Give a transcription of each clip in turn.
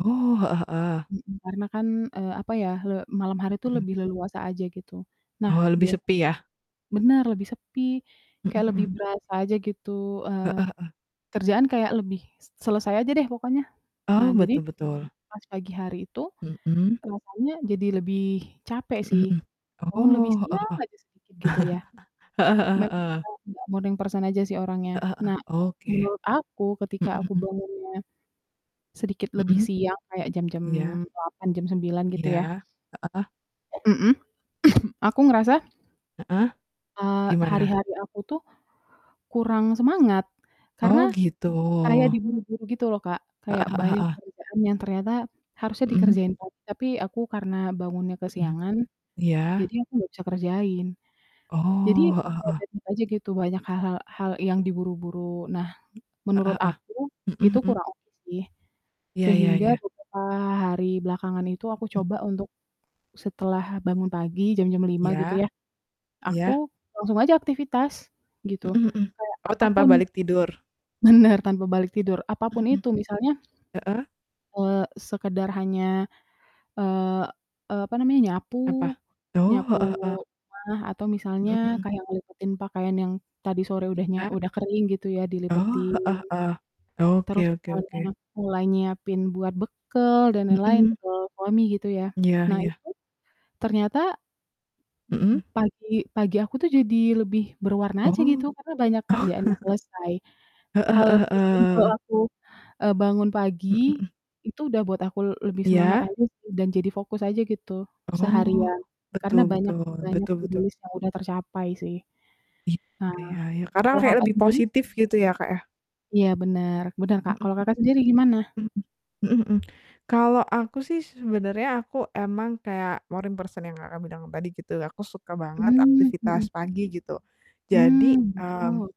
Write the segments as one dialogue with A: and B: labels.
A: Oh, heeh heeh.
B: Mhm, karena kan, eee, apa ya, le malam hari tuh
A: Mhm.
B: lebih leluasa aja, gitu. Nah,
A: Oh, lebih
B: bia
A: sepi ya?
B: bener, lebih sepi,
A: Mhm
B: kayak lebih
A: mhm.
B: berasa aja gitu, eee,
A: Heeh heeh.
B: kerjaan kayak lebih s selesai aja deh pokoknya. Nah,
A: Oh,
B: jadi
A: betul betul.
B: pas pagi hari itu
A: Mhm?
B: rasanya jadi lebih capek
A: Mhm
B: sih.
A: mhm,
B: Bangun lebih
A: oh, heeh
B: siang
A: heeh,
B: aja sedikit, gitu ya.
A: Heeh heeh
B: Memang karena
A: heeh.
B: aku gak morning person aja sih orangnya.
A: Heeh heeh,
B: Nah,
A: oke.
B: menurut aku
A: Mhm
B: ketika aku
A: mhm.
B: bangunnya sedikit lebih
A: Mhm?
B: siang kayak jam-jam
A: Iya.
B: 8 jam 9 gitu ya.
A: Iya, heeh.
B: Mhm, aku ngerasa
A: Heeh.
B: eee, hari
A: Gimana?
B: hari aku tuh kurang semangat, karena
A: Oh, gitu
B: kayak diburu-buru gitu loh Kak,
A: Heeh
B: kayak
A: heeh
B: banyak
A: heeh.
B: kerjaan yang ternyata harusnya
A: Mhm?
B: dikerjain [unintelligible] tapi aku karena bangunnya
A: Mhm.
B: kesiangan,
A: Iya.
B: jadi aku gak bisa kerjain. Jadi,
A: Oh,
B: ya
A: heeh heeh.
B: banyak aja gitu, banyak hal-hal hal yang diburu-buru. Nah,
A: Heeh
B: menurut
A: heeh,
B: aku itu
A: mhm mhm.
B: kurang oke sih,
A: Iya iya
B: sehingga
A: iya.
B: beberapa hari belakangan itu aku
A: Mhm.
B: coba untuk setelah bangun pagi jam-jam 05:00 gitu
A: Iya.
B: yah, aku
A: Iya.
B: langsung aja aktivitas gitu,
A: Mhm mhm,
B: kayak
A: oh tanpa
B: apapun
A: balik tidur?
B: bener tanpa balik tidur, apapun
A: Mhm.
B: itu misalnya,
A: Heeh.
B: eee, sekedar hanya, eee, e apa namanya, nyapu
A: Apa? Oh,
B: nyapu
A: heeh heeh.
B: rumah atau misalnya
A: Mhm mhm.
B: kayak ngelipetin pakaian yang tadi sore udah nya
A: Iya?
B: udah kering gitu ya,
A: Oh,
B: dilipetin.
A: heeh heeh, oke
B: Terus
A: oke oke.
B: [unintelligible] mulai nyiapin buat bekal dan lain-lain,
A: Mhm.
B: bekel suami gitu ya,
A: M iya
B: nah
A: iya.
B: itu ternyata
A: Mhm?
B: pagi pagi aku tuh jadi lebih berwarna aja gitu,
A: Oh.
B: karena banyak
A: Oh.
B: kerjaan yang selesai.
A: Heeh
B: Hal
A: heeh
B: sesimpel
A: heeh.
B: aku, eee, bangun
A: Hmm,
B: pagi
A: mhm.
B: itu udah buat aku l lebih semangat
A: Iya?
B: aja sih dan jadi fokus aja gitu
A: Oh,
B: seharian karena
A: betul
B: banyak
A: betul
B: banyak
A: betul
B: to do
A: betul.
B: list yang udah tercapai sih.
A: Iya
B: Nah,
A: ya ya, kadang
B: kalau
A: kayak
B: Kakak,
A: lebih
B: sendiri?
A: positif gitu ya, Kak, ya?
B: Iya, bener bener, Kak.
A: Mhm
B: Kalau, Kakak, sendiri gimana?
A: mhm. Mhm, mhm mhm, kalau aku sih se sebenarnya aku emang kayak morning person yang Kakak, bilang tadi gitu, aku suka banget
B: Hmm,
A: aktivitas
B: mhm.
A: pagi gitu. Jadi,
B: Hmm,
A: mmm,
B: betul.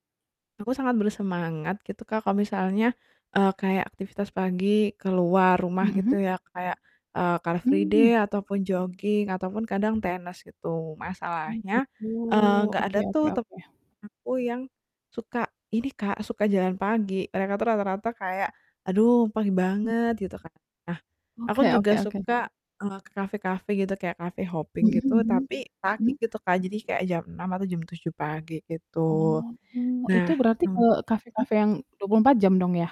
A: aku sangat bersemangat gitu Kak, kalau misalnya, eee, kayak aktivitas pagi keluar rumah gitu
B: Mhm?
A: ya kayak, eee, car free
B: Mmm,
A: day
B: ya.
A: ataupun joging ataupun kadang tenis, gitu.
B: Oh,
A: Masalahnya,
B: gitu,
A: eee, nggak ada
B: oke
A: tuh
B: oke
A: temen
B: oke.
A: aku yang suka ini Kak, suka jalan pagi, mereka tuh rata-rata kayak, "Aduh, pagi
B: Hmm.
A: banget," gitu kan. Nah, aku
B: Oke
A: juga
B: oke oke.
A: suka, eee, ke kafe-kafe gitu kayak cafe hopping
B: Mhm
A: gitu,
B: mhm
A: tapi pagi
B: mhm?
A: gitu Kak, jadi kayak jam 6 atau jam 7 pagi
B: Oh
A: gitu.
B: tuh, itu
A: Nah,
B: berarti ke
A: m mhm?
B: kafe-kafe yang 24 jam dong ya?